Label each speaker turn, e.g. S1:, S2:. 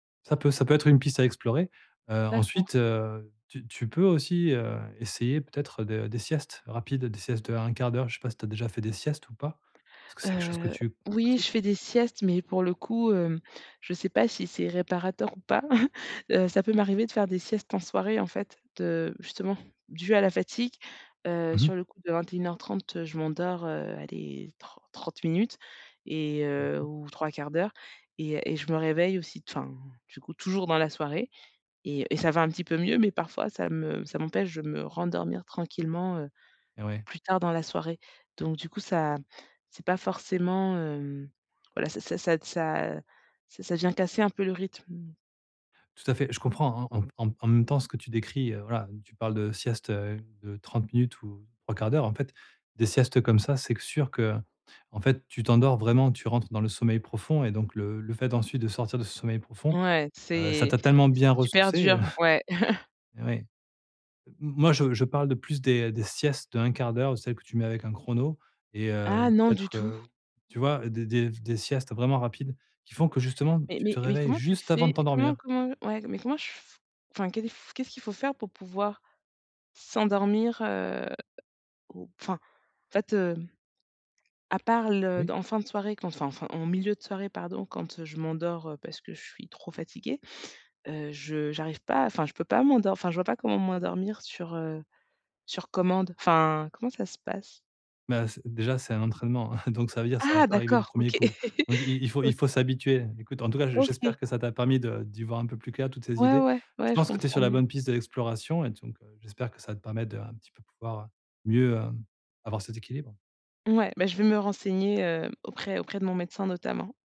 S1: Ça peut ça peut être une piste à explorer. Heu,
S2: D'accord.
S1: ensuite, heu, tu tu peux aussi, heu, essayer peut-être de des siestes rapides, des siestes de 1/4. Je sais pas si tu as déjà fait des siestes ou pas? Est-ce que c'est quelque chose que
S2: Heu.
S1: tu
S2: Oui, je
S1: pratiques?
S2: fais des siestes, mais, pour le coup, hem, je sais pas si c'est réparateur ou pas. Heu, ça peut m'arriver de faire des siestes en soirée, en fait, de justement, dues à la fatigue. Heu,
S1: Mmh mh.
S2: sur le coup, de 21:30, heu, je m'endors, heu, allez, tr trente minutes et,
S1: Mmh
S2: heu,
S1: mh.
S2: ou 3/4 et et je me réveille aussi, t enfin, du coup, toujours dans la soirée. Et et ça va un petit peu mieux, mais parfois, ça me ça m'empêche de me rendormir tranquillement, heu,
S1: Ouais.
S2: plus tard, dans la soirée. Donc, du coup, ça c'est pas forcément, hem, voilà ça ça ça, heu, ça ça ça vient casser un peu le rythme, mmh.
S1: Tout à fait, je comprends, hein, en m en m en même temps, ce que tu décris, heu, voilà, donc tu parles de siestes, heu, de 30 minutes ou 3/4, en fait, des siestes comme ça, c'est q sûr que, en fait, tu t'endors vraiment, tu rentres dans le sommeil profond et donc le le fait, ensuite, de sortir de ce sommeil profond,
S2: Ouais,
S1: heu, ça
S2: c'est
S1: t'a tellement bien
S2: super
S1: ressourcée, heu
S2: dur, ouais.
S1: Oui. M moi, je je parle de plus des des siestes de 1/4, celles que tu mets avec un chrono et heu,
S2: Ah non, du
S1: peut-être,
S2: tout.
S1: heu, tu vois, des des des siestes vraiment rapides qui font, que justement,
S2: Mais
S1: tu
S2: mais
S1: te
S2: mais
S1: réveilles
S2: comment tu
S1: juste avant de
S2: fais? Comment
S1: t'endormir.
S2: comment Ouais, mais comment je f Enfin, qu'est-ce qu'est-ce qu'il faut faire pour pouvoir s'endormir, heu au p enfin, en fait, heu, à part le
S1: Oui.
S2: d en fin de soirée, quand enfin enfin, en milieu de soirée, pardon, quand, heu, je m'endors, heu, parce que je suis trop fatiguée, heu, je j'arrive pas, enfin je peux pas m'endor enfin je vois pas comment m'endormir sur, heu, sur commande. Enfin, comment ça se passe?
S1: Bah, c déjà, c'est un entraînement, hein, donc ça veut dire, ça va
S2: Ah
S1: pas arriver du
S2: d'accord,
S1: premier
S2: OK.
S1: coup. Donc i il faut il
S2: OK.
S1: faut s'habituer. Écoute, en tout cas,
S2: OK.
S1: j'espère que ça t'a permis de d'y voir un peu plus, clair toutes ces
S2: Ouais,
S1: idées.
S2: ouais,
S1: Je
S2: ouais, je
S1: pense que tu es
S2: comprends
S1: sur la
S2: mieux.
S1: bonne piste de l'exploration et donc, heu, j'espère que ça va te permettre de, un petit peu, pouvoir, heu, mieux, heu, avoir cet équilibre.
S2: Ouais, bah, je vais me renseigner, heu, auprès auprès de mon médecin notamment.